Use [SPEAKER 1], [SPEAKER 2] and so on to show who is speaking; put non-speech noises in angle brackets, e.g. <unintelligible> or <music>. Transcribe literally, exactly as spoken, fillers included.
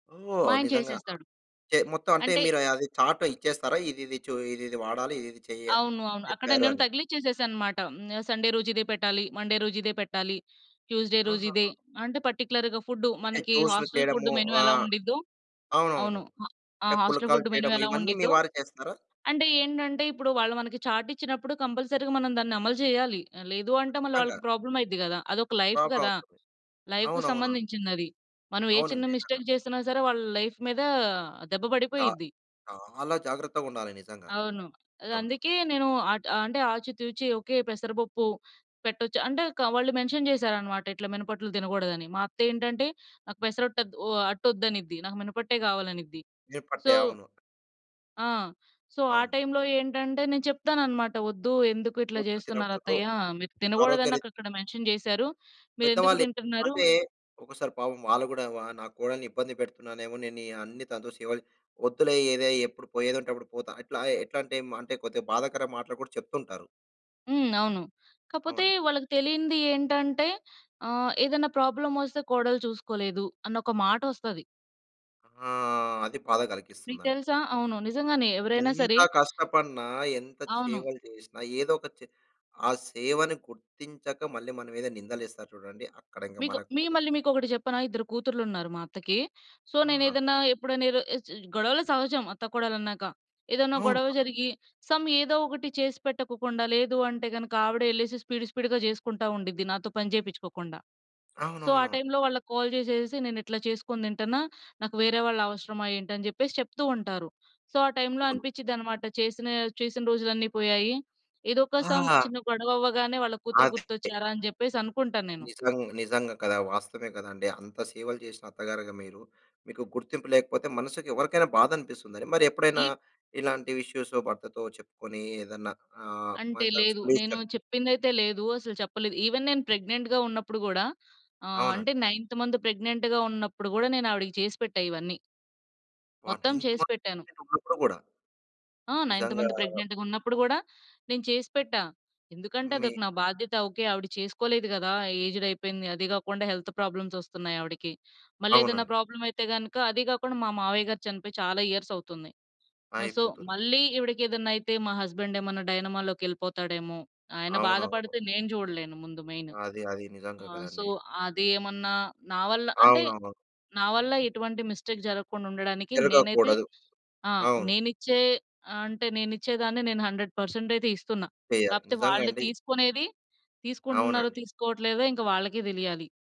[SPEAKER 1] మా
[SPEAKER 2] ఓహ్!
[SPEAKER 1] ఆయన
[SPEAKER 2] నిజంగా. ఆ!
[SPEAKER 1] చేసేస్తాడు.
[SPEAKER 2] చే మొత్తం అంటే
[SPEAKER 1] అంటే
[SPEAKER 2] మీరు అయ్ అది చార్ట్ ఇచ్చేస్తారా? ఇదిది చూ ఇదిది వాడాలి, ఇదిది చెయ్య,
[SPEAKER 1] అవును. అవును. అక్కడ
[SPEAKER 2] చెప్పారు
[SPEAKER 1] నేను
[SPEAKER 2] అని.
[SPEAKER 1] తగిలిచ్చేసేశానన్నమాట. హ్మ్. సండే రోజు ఇదే పెట్టాలి, మండే రోజు ఇదే పెట్టాలి, ట్యూస్‌డే రోజు ఇదే
[SPEAKER 2] ఆహహా.
[SPEAKER 1] అంటే పర్టిక్యులర్‌గా ఫుడ్డు.
[SPEAKER 2] అంటే
[SPEAKER 1] మనకి
[SPEAKER 2] జ్యూసులు
[SPEAKER 1] హాస్టల్ ఫుడ్డు
[SPEAKER 2] చేయడము.
[SPEAKER 1] మెను
[SPEAKER 2] ఆ!
[SPEAKER 1] ఎలా ఉండిద్దో
[SPEAKER 2] అవునవును.
[SPEAKER 1] అవును. ఆ! ఆ
[SPEAKER 2] అంటే
[SPEAKER 1] హాస్టల్
[SPEAKER 2] పుల్కాలు
[SPEAKER 1] ఫుడ్డు మెను
[SPEAKER 2] చేయడము
[SPEAKER 1] ఎలా
[SPEAKER 2] ఇవన్నీ మీ
[SPEAKER 1] ఉండిద్దో
[SPEAKER 2] వారే చేస్తారా?
[SPEAKER 1] అంటే ఏంటంటే ఇప్పుడు వాళ్ళు మనకి చార్ట్ ఇచ్చినప్పుడు కంపల్సరీ‌గా మనం దాన్ని అమలు జేయాలి. ఆ! లేదు అంటే మళ్ళా
[SPEAKER 2] ఖచ్చితంగా!
[SPEAKER 1] వాళ్ళకి ప్రాబ్లమైద్ది గదా! అదొక లైఫ్
[SPEAKER 2] ప్రాబ్లమ్
[SPEAKER 1] గదా!
[SPEAKER 2] అవుతుంది.
[SPEAKER 1] లైఫ్‌కి
[SPEAKER 2] అవునవునా?
[SPEAKER 1] సంబంధించిందది. మనం ఏ చిన్న
[SPEAKER 2] అవునండి. ఆహా!
[SPEAKER 1] మిస్టేక్ జేసినా సరే వాళ్ళ లైఫ్ మీద దెబ్బ
[SPEAKER 2] చా
[SPEAKER 1] పడిపోయిద్ది.
[SPEAKER 2] చాలా జాగ్రత్తగుండాలి నిజంగా.
[SPEAKER 1] అవును.
[SPEAKER 2] అవును.
[SPEAKER 1] అదందుకే నేను అట్ అంటే ఆచి తూచి ఓకే పెసర పప్పు పెట్టొచ్చు అంటే కా వాళ్ళు మెన్షన్ చేశారన్నమాట, ఇట్లా మినపట్లు తినగూడదని. మా అత్తెంటంటే "నాకు పెసర అట్టు అద్దు, ఓ అట్టోద్దనిద్ది. నాకు మినపట్టే కావాలనిద్ది." సో
[SPEAKER 2] ఏర్పట్టాయి. అవును.
[SPEAKER 1] ఆ! సో, ఆ
[SPEAKER 2] అవును.
[SPEAKER 1] టైమ్‌లో ఏంటంటే నేను చెప్తానన్నమాట, "వొద్దు. ఎందుకు ఇట్లా
[SPEAKER 2] ఉప్పు తినకూడదు.
[SPEAKER 1] జేస్తున్నారత్తయ్య? మీరు తినగూడదు అని
[SPEAKER 2] ఆరోగ్యరీ
[SPEAKER 1] నాకక్కడ మెన్షన్ చేశారు. మీరెందుకు
[SPEAKER 2] పెద్దవాళ్ళే.
[SPEAKER 1] తింటున్నరు?"
[SPEAKER 2] అంటే ఒకసారి పాపం వాళ్ళు గూడా వా "నా కోడలిని ఇబ్బంది పెడుతున్నానేమో? నేను ఈ అన్ని తనతో సేవలు, వొద్దులే ఏదే ఎప్పుడు పోయేదుంటే అప్పుడు పోతా", ఇట్లా ఎట్లంటే హ్మ్ అంటే కొద్దిగా బాధకర మాటలు గూడా చెప్తుంటారు.
[SPEAKER 1] హ్మ్. అవును. కాపోతే
[SPEAKER 2] అవును.
[SPEAKER 1] వాళ్ళకి తెలియంది ఏంటంటే, ఆహ్, ఏదన్నా ప్రాబ్లమోస్తే కోడలు చూసుకోలేదు అని ఒక మాటొస్తది.
[SPEAKER 2] ఆ! అది బాధ
[SPEAKER 1] నీకు
[SPEAKER 2] కలిగిస్తుందండి
[SPEAKER 1] తెలుసా
[SPEAKER 2] నిజంగా.
[SPEAKER 1] అవును. నిజంగానే ఎవరైనా
[SPEAKER 2] ఎంత
[SPEAKER 1] సరే
[SPEAKER 2] కష్టపన్నా, ఎంత
[SPEAKER 1] అవును.
[SPEAKER 2] సేవలు చేసినా, ఏదో ఒక చి ఆ సేవని గుర్తించక మళ్ళీ మన మీద నిందలేస్తారు చూడండి. అక్కడ ఇంగ
[SPEAKER 1] మీకు
[SPEAKER 2] మనకు
[SPEAKER 1] మీ మళ్ళీ మీకొకటి చెప్పనా ఇద్దరు కూతుర్లున్నారు మా అత్తకి. సో, నేను
[SPEAKER 2] ఆ!
[SPEAKER 1] ఏదన్నా, ఎప్పుడన్నా ఏదో గొడవలు సహజం అత్తా‌కోడళ్ళన్నాక. ఏదన్నా గొడవ
[SPEAKER 2] అవును.
[SPEAKER 1] జరిగి సమ్ ఏదో ఒకటి చేసిపెట్టకోకుండా, లేదు అంటే గనుక ఆవిడె ఎళ్ళేసెసి స్పీడు స్పీడు‌గా జేసుకుంటా ఉండిద్ది నాతో పని చేపించుకోకుండా. సో, ఆ
[SPEAKER 2] అవునవును.
[SPEAKER 1] టైమ్‌లో వాళ్ళకి కాల్ జేసేసేసి "నేనిట్ల చేసుకొని తింటన్నా. నాకు వేరే వాళ్ళు అవసరమా ఏంటి?" అని జెప్పేసి చెప్తూ ఉంటారు. సో, ఆ టైమ్‌లో
[SPEAKER 2] అవును.
[SPEAKER 1] అనిపిచ్చిద్దన్నమాట చేసినా చేసిన రోజులన్నీ పోయాయి. ఏదో ఒక సమ్
[SPEAKER 2] ఆ!
[SPEAKER 1] చిన్న గొడవవ్వగానే వాళ్ళ కూతురు
[SPEAKER 2] ఆదే ట్టే
[SPEAKER 1] గుర్తొచ్చారా? అని జెప్పేసి అనుకుంటాను నేను.
[SPEAKER 2] నిజంగ్ నిజంగా కదా! వాస్తవమే కదండి. అంత సేవలు చేసిన అత్తగారుగా మీరు మీకు గుర్తింపు లేకపోతే మనసుకి ఎవరికైనా బాధ అనిపిస్తుందని. మరి ఎప్పుడైనా
[SPEAKER 1] ఈవ్
[SPEAKER 2] ఇలాంటి ఇష్యూస్ భర్తతో చెప్పుకొని ఏదన్నా ఆహ్,
[SPEAKER 1] అంటే
[SPEAKER 2] మళ్ళీ
[SPEAKER 1] లేదు.
[SPEAKER 2] తలుచుకుని.
[SPEAKER 1] నేను
[SPEAKER 2] <unintelligible>
[SPEAKER 1] చెప్పిందైతే లేదు. అసలు చెప్పలేదు. ఈవెన్ నేను ప్రెగ్నెంట్‌గా ఉన్నప్పుడు గూడా, ఆహ్,
[SPEAKER 2] అవునండి.
[SPEAKER 1] అంటే నైన్త్ మంత్ ప్రెగ్నెంట్‌గా ఉన్నప్పుడు గూడా, నేను ఆవిడకి చేసి పెట్టా ఇవన్నీ.
[SPEAKER 2] ఆ!
[SPEAKER 1] మొత్తం
[SPEAKER 2] నైన్త్
[SPEAKER 1] చేసి
[SPEAKER 2] మంత్,
[SPEAKER 1] పెట్టాను.
[SPEAKER 2] అంటే తగులుతూ ఉన్నప్పుడు గూడా?
[SPEAKER 1] ఆ! నైన్త్
[SPEAKER 2] నిజంగా
[SPEAKER 1] మంత్ ప్రెగ్నెంట్‌గా ఉన్నప్పుడు గూడా నేను చేసిపెట్టా. ఎందుకంటే
[SPEAKER 2] మీ
[SPEAKER 1] అదొక నా బాధ్యత. ఓకే ఆవిడ చేసుకోలేదు గదా! ఏజ్డ్ అయిపోయింది. అదీ గాకుండా హెల్త్ ప్రాబ్లమ్స్ ఓస్తున్నయి ఆవిడికి. మళ్ళీ ఏదన్నా
[SPEAKER 2] అవునండి.
[SPEAKER 1] ప్రాబ్లమైతే గనుక అదీ గాకుండా మా మావయ్య గారు చనిపోయి చాలా ఇయర్స్ అవుతుంది. ఆ! సో,
[SPEAKER 2] అయిపోతుంది.
[SPEAKER 1] మళ్ళీ ఈవిడకి ఏదన్నా అయితే మా హస్బెండ్ ఏమన్నా డైనమా‌లోకి ఎళ్ళిపోతాడేమో? ఆయన
[SPEAKER 2] అవునవును.
[SPEAKER 1] బాధపడితే నేను జూడలేను ముందు మెయిన్.
[SPEAKER 2] అది అది. నిజంగా
[SPEAKER 1] ఆ! సో,
[SPEAKER 2] కదండీ.
[SPEAKER 1] అదేమన్నా నా వల్ల అంటే
[SPEAKER 2] అవునవును.
[SPEAKER 1] నా వల్ల ఎటువంటి మిస్టేక్ జరక్కుండ ఉండడానికి నేనైతే
[SPEAKER 2] జరుగకూడదు.
[SPEAKER 1] ఆ!
[SPEAKER 2] అవును.
[SPEAKER 1] నేనిచ్చే అంటే నేను ఇచ్చే దాన్నే నేను హండ్రెడ్ పర్సెంట్ అయితే ఇస్తున్నా.
[SPEAKER 2] చెయ్యాలి.
[SPEAKER 1] కాకపోతే వాళ్ళు
[SPEAKER 2] నిజంగండి.
[SPEAKER 1] తీసుకునేది తీసుకుంటున్నారో?
[SPEAKER 2] అవునండి.
[SPEAKER 1] తీసుకోవట్లేదో? ఇంక వాళ్ళకే తెలియాలి.